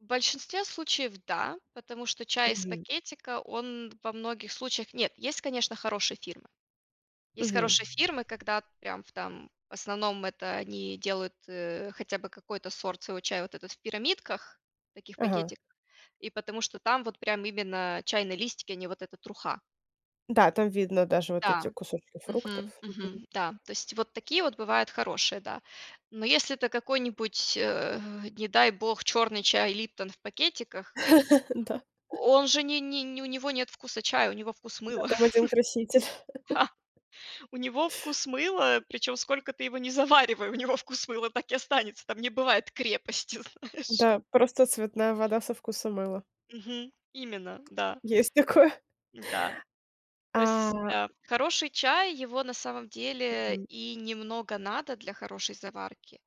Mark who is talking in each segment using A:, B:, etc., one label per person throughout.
A: В большинстве случаев да, потому что чай из
B: Мгм.
A: пакетика он во многих случаях Нет, есть конечно, хорошие фирмы. Есть
B: Мгм.
A: хорошие фирмы, когда прям в там в основном, это они делают, э, хотя бы какой-то сорт своего чая вот этот в пирамидках, таких
B: Ага.
A: пакетиках. И потому что там вот прям именно чайные листики, а не вот эта труха.
B: Да, там видно даже вот эти
A: Да,
B: кусочки
A: мгм,
B: фруктов. Мгм.
A: мгм, да. То есть вот такие вот бывают хорошие, да. Но если это какой-нибудь, э, не дай бог, черный чай "Липтон" в пакетиках,
B: Да.
A: он же не не нь у него нет вкуса чая, у него вкус
B: Да,
A: мыла.
B: там один краситель.
A: Ха! У него вкус мыла. Причем сколько ты его не заваривай, у него вкус мыла так и останется, там не бывает крепости знаешь.
B: Да, просто цветная вода со вкусом мыла.
A: Мгм. Именно, да.
B: Есть такое.
A: М-да. То есть,
B: А
A: а, хороший чай, его на самом деле
B: Мгм.
A: и немного надо для хорошей заварки.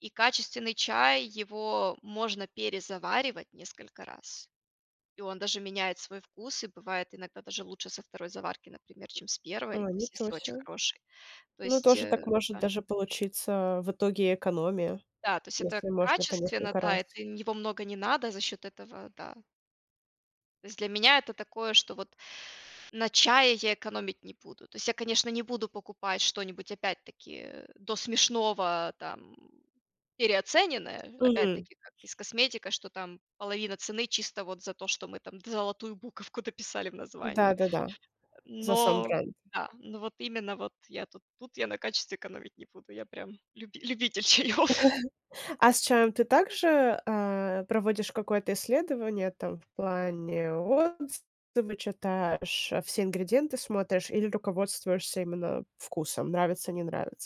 A: И качественный чай его можно перезаваривать несколько раз. И он даже меняет свой вкус, и бывает иногда даже лучше со 2 заварки, например, чем с 1, то
B: а,
A: есть
B: ничего
A: если очень
B: се.
A: хороший. То
B: Ну
A: есть,
B: тоже
A: э,
B: так может
A: да.
B: даже получиться, а, в итоге экономия,
A: Да, то есть это
B: если можно по
A: качественно,
B: несколько
A: да
B: раз.
A: это нь его много не надо за счет этого, да. То есть для меня это такое, что вот на чае я экономить не буду. То есть я, конечно, не буду покупать что-нибудь опять-таки до смешного там переоцененное.
B: Мгм.
A: Опять-таки как и с косметика, что там половина цены чисто вот за то, что мы там д золотую буковку дописали в названии.
B: Да-да-да, за сам
A: Но
B: бренд.
A: да, но вот именно вот я тут, тут я на качестве экономить не буду, я прям люби любитель чаёв.
B: А с чаем ты также, а, проводишь какое-то исследование там в плане отзывы читаешь, а, все ингредиенты смотришь или руководствуешься именно вкусом, нравится- не нравится?